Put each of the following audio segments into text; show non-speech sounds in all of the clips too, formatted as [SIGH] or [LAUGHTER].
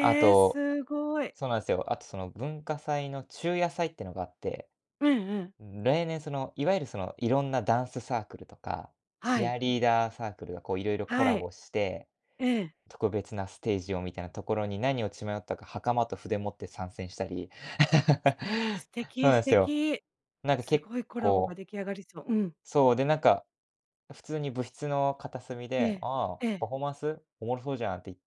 あえ、と、すごい。そうなんすよ、あと、その、文化祭の昼夜祭っていうのがあって、うんうん。うん、例年、その、いわゆる、その、いろんなダンスサークルとか、はチアい。リーダーサークルが、こう、いろいろコはラい。ボして、ええ。特別なステージをみたいなところに、何を血迷ったか、袴と筆持って参戦したり、すえ、素 [LAUGHS] ほ敵なん素すよ。敵、なんか、す結ごいコラボが構出来上がりそう、うん。そう、で、なんか、普通に部室の片隅えで、え、ああえ「パえ。フォーマンス、おもろそうじゃん」って言っ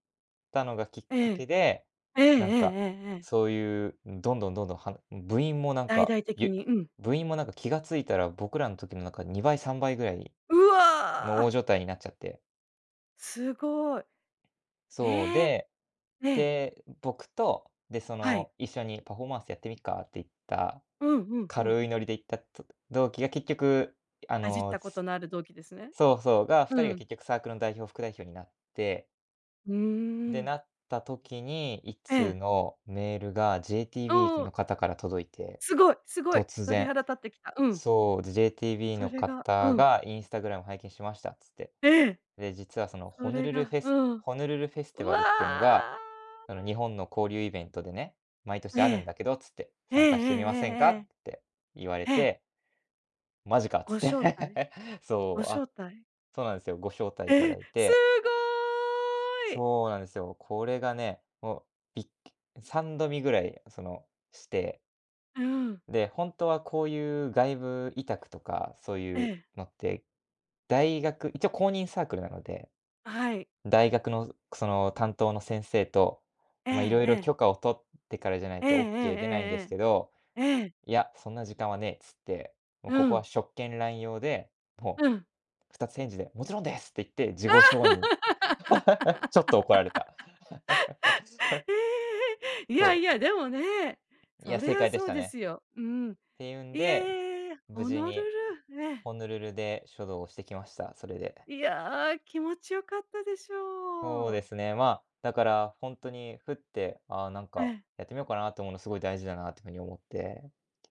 たのがきっえかけえで、ええ。えええなんえか、ええええ。そういう、うん、どんどんどんどん、はむ部員も、なん大か、々的ゆに、うん。部員も、なんか、気が付いたら、僕らん時の、なんか、2倍、3倍ぐらいうのおおわ！状態になっちゃってすごい。そう、ええ！で、ええ。で、僕と、で、そはい。の「一緒にパフォーマンスやってみっか」って言った、うんうんうん。軽いノリで言ったと、同期が結局ああじっの、たこすとのある同期ですね。そうそう、が二う人がん。結局、サークルの代表、副代表になってうんうんうで、なん。った時に、いっえつうえ。のメールがう JTB んうん。の方から届いて、すごいすごい、突鳥然。肌立ってきた。うん。そう、で、JTB そのれがう方ん。が「Instagram 拝見しました」っつって。ええ。で、実は、その、そホヌれルルフがェうスん。ホヌルルフェスうティバルっていうのが、わ！あの「日本の交流イベントでね、毎え年あるんえ。だけど」っつってええ「参加してみませんか？」ええええって言われええ。ええ。て。「マジか」っつごっ招待？て。[LAUGHS] ごそう、あ、招待？そうなんすよ、ご招待いたえだえ、いすて。ごい！そうなんですよ。これがね、もう、びっくう三度見ぐらい、その、してうーん。で、ほんとはこういう外部委託とか、そうえいうえ。のって、大学一応公認サークルなので、あ、はい。大学の、くその、担当の先生と、えま、え色え々え。許可を取ってからじゃないええとオッケー出ないんですえけどえええええ。ええ。「いや、そんな時間はねえ」っつって、もう、うここはん。職権乱用で、もうう、ん。二つ返事で「もちろんです！」って言って、事あ！後承認。[LAUGHS] [LAUGHS] ちょっと、怒られた。[LAUGHS] へえ、いそやう。いや、でもね、いや、そり正ゃ解でしそうたでね。すよ。うん。ていうんいで、え、無ホ事ノルにルね。ホノルルで書道をしてきました、それで。いや、気持ちよかったでしそうょでう。すね、ま、だから、ほんとに、ふって、あ、なんえか、え。やってみようかなって思うのすごい大事だなっていう風に思って